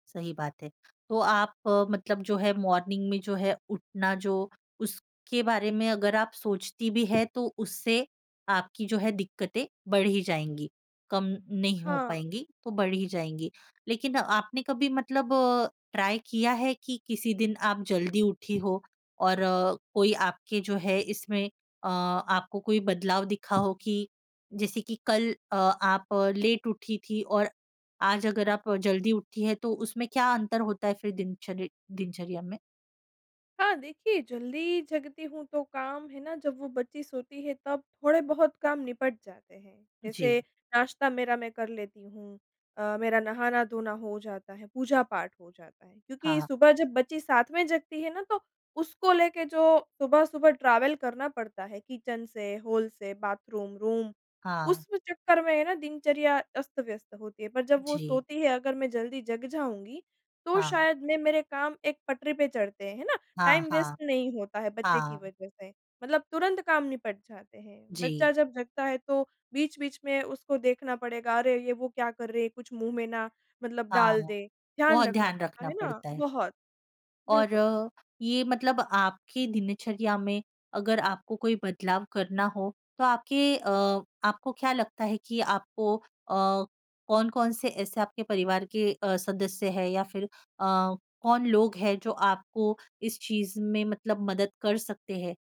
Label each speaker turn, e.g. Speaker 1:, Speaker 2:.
Speaker 1: सही बात है। तो आप मतलब जो है मॉर्निंग में जो है उठना जो उसके बारे में अगर आप सोचती भी हैं तो उससे आपकी जो है दिक़्क़तें बढ़ ही जाएँगी, कम नहीं हो
Speaker 2: हाँ।
Speaker 1: पाएँगी तो बढ़ ही जाएँगी। लेकिन आपने कभी मतलब अ, ट्राई किया है कि किसी दिन आप जल्दी उठी हो और कोई आपके जो है इसमें अ, आपको कोई बदलाव दिखा हो? कि जैसे कि कल अ, आप लेट उठी थीं और आज अगर आप जल्दी उठी हैं तो उसमें क्या अंतर होता है फिर दिनचर दिनचर्या में?
Speaker 2: हाँ, देखिए, जल्दी जगती हूँ तो काम, है ना जब वो बच्ची सोती है तब थोड़े-बहुत काम निपट जाते हैं। जैसे
Speaker 1: जी।
Speaker 2: नाश्ता मेरा मैं कर लेती हूँ, अ, मेरा नहाना-धोना हो जाता है, पूजा-पाठ हो जाता है। क्योंकि
Speaker 1: हाँ।
Speaker 2: सुबह जब बच्ची साथ में जगती है ना तो उसको लेके जो सुबह-सुबह ट्रैवल करना पड़ता है किचन से, हॉल से, बाथरूम, रूम
Speaker 1: हाँ।
Speaker 2: उस चक्कर में है ना दिनचर्या अस्त-व्यस्त होती है। पर जब वो
Speaker 1: छी
Speaker 2: सोती है, अगर मैं जल्दी जग जाऊँगी तो
Speaker 1: हाँ।
Speaker 2: शायद मैं मेरे काम एक पटरी पे चढ़ते हैं, है ना।
Speaker 1: हाँ,
Speaker 2: टाइम वेस्ट
Speaker 1: हाँ।
Speaker 2: नहीं होता है बच्चे की
Speaker 1: हाँ।
Speaker 2: वजह से, मतलब तुरंत काम निपट जाते हैं।
Speaker 1: जी।
Speaker 2: बच्चा जब जगता है तो बीच-बीच में उसको देखना पड़ेगा, अरे! ये वो क्या कर रही है, कुछ मुँह में ना मतलब डाल
Speaker 1: हाँ।
Speaker 2: दे। ध्यान
Speaker 1: बहुत
Speaker 2: रखना
Speaker 1: ध्यान
Speaker 2: पड़ता
Speaker 1: रखना
Speaker 2: है ना
Speaker 1: पड़ता है।
Speaker 2: बहुत।
Speaker 1: और
Speaker 2: बिल्कुल।
Speaker 1: अ, ये मतलब आपकी दिनचर्या में अगर आपको कोई बदलाव करना हो तो आपके अ, आपको क्या लगता है कि आपको अ, कौन-कौन से ऐसे आपके परिवार के अ, सदस्य हैं या फिर अ, कौन लोग है जो आपको इस चीज़ में मतलब मदद कर सकते हैं?